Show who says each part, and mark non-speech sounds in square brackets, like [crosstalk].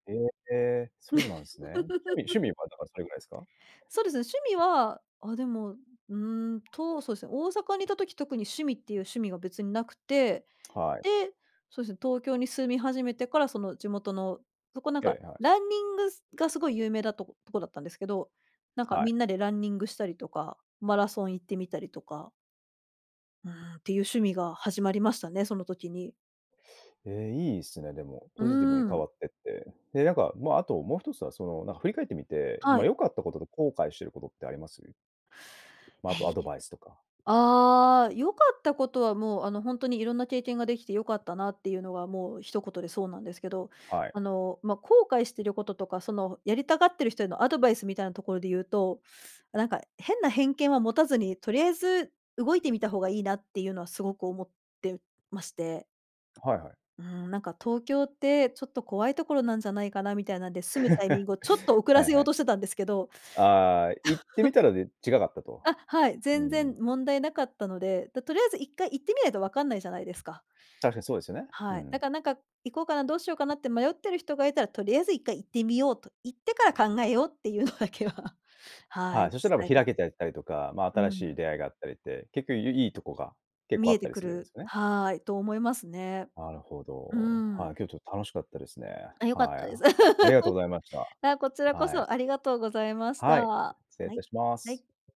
Speaker 1: へえ。そうなんすね。じゃ、趣味趣味は、だからそれぐらいすか？
Speaker 2: [laughs] そうですね、趣味はあ、でも、うーんと、そうすね、大阪にいた時特に趣味っていう趣味が別になくて、
Speaker 1: はい。
Speaker 2: で、そうすね、東京に住み始めてから、その地元の、そこ、なんか、
Speaker 1: ええ、はい。
Speaker 2: ランニング、すがすごい有名だとことこだったんですけど、なんか、
Speaker 1: はい。
Speaker 2: みんなでランニングしたりとか、マラソン行ってみたりとか。うーん、っていう趣味が始まりましたね、その時に。
Speaker 1: ええ、いいっすね、でも、
Speaker 2: う
Speaker 1: ポジティブに
Speaker 2: ー
Speaker 1: 変
Speaker 2: ん。
Speaker 1: わってって。で、なんか、まあ、あともう一つは、その、なん振り返ってみて、
Speaker 2: は
Speaker 1: ま、
Speaker 2: い。
Speaker 1: 良かったことと後悔してることってあります？ま、あと
Speaker 2: え、
Speaker 1: ア
Speaker 2: い
Speaker 1: ドバイスとか。
Speaker 2: ああ、良かったことは、もう、あの、ほんとにいろんな経験ができて良かったなっていうのは、もう一言でそうなんですけど、
Speaker 1: はい。
Speaker 2: あの、ま、後悔してることとか、その、ふやりたがってる人へのアドバイスみたいなところで言うと、あ、なんか、変な偏見は持たずに、とりあえず動いてみた方がいいなっていうのはすごく思ってまして。
Speaker 1: あ、はいはい。
Speaker 2: うーん、なんか東京ってちょっと怖いところなんじゃないかなみたいなんで、住むタイミン
Speaker 1: [chuckles]
Speaker 2: グをちょっと遅
Speaker 1: はい
Speaker 2: ら
Speaker 1: は
Speaker 2: せよう
Speaker 1: い。
Speaker 2: としてたんですけど。
Speaker 1: ああ。行ってみ
Speaker 2: [chuckles]
Speaker 1: たらで違うかったと。
Speaker 2: あ、はい、
Speaker 1: うー
Speaker 2: 全然
Speaker 1: ん。
Speaker 2: 問題なかったので。だ、とりあえず一回行ってみないとわかんないじゃないですか。
Speaker 1: 確かにそうですよね。う
Speaker 2: はい。だ
Speaker 1: ん。
Speaker 2: から、なんか、行こうかな、どうしようかなって迷ってる人がいたら、とりあえず一回行ってみようと、行ってから考えようっていうのだけは、は
Speaker 1: はい、
Speaker 2: い、
Speaker 1: そしたら、ま、
Speaker 2: 伝えた
Speaker 1: 開
Speaker 2: い。
Speaker 1: けていったりとか、まあ、
Speaker 2: う
Speaker 1: 新
Speaker 2: ー
Speaker 1: し
Speaker 2: ん。
Speaker 1: い出会いがあったりって、結構ゆ良いとこが結構
Speaker 2: 見
Speaker 1: あっ
Speaker 2: え
Speaker 1: た
Speaker 2: て
Speaker 1: り
Speaker 2: く
Speaker 1: するんで
Speaker 2: る、
Speaker 1: すよね。
Speaker 2: はい、と思いますね。
Speaker 1: なるほ
Speaker 2: うー
Speaker 1: ど。は
Speaker 2: ん。
Speaker 1: い。今日ちょっ楽しかったですね。
Speaker 2: あ、良かっ
Speaker 1: はい、
Speaker 2: たです。
Speaker 1: あありがとうございまし
Speaker 2: [laughs]
Speaker 1: た。
Speaker 2: あ、こちらこ
Speaker 1: はい。
Speaker 2: そありがとうございまし
Speaker 1: は
Speaker 2: た。
Speaker 1: い。
Speaker 2: は
Speaker 1: 失礼いた
Speaker 2: い、
Speaker 1: しま
Speaker 2: は
Speaker 1: す。
Speaker 2: い。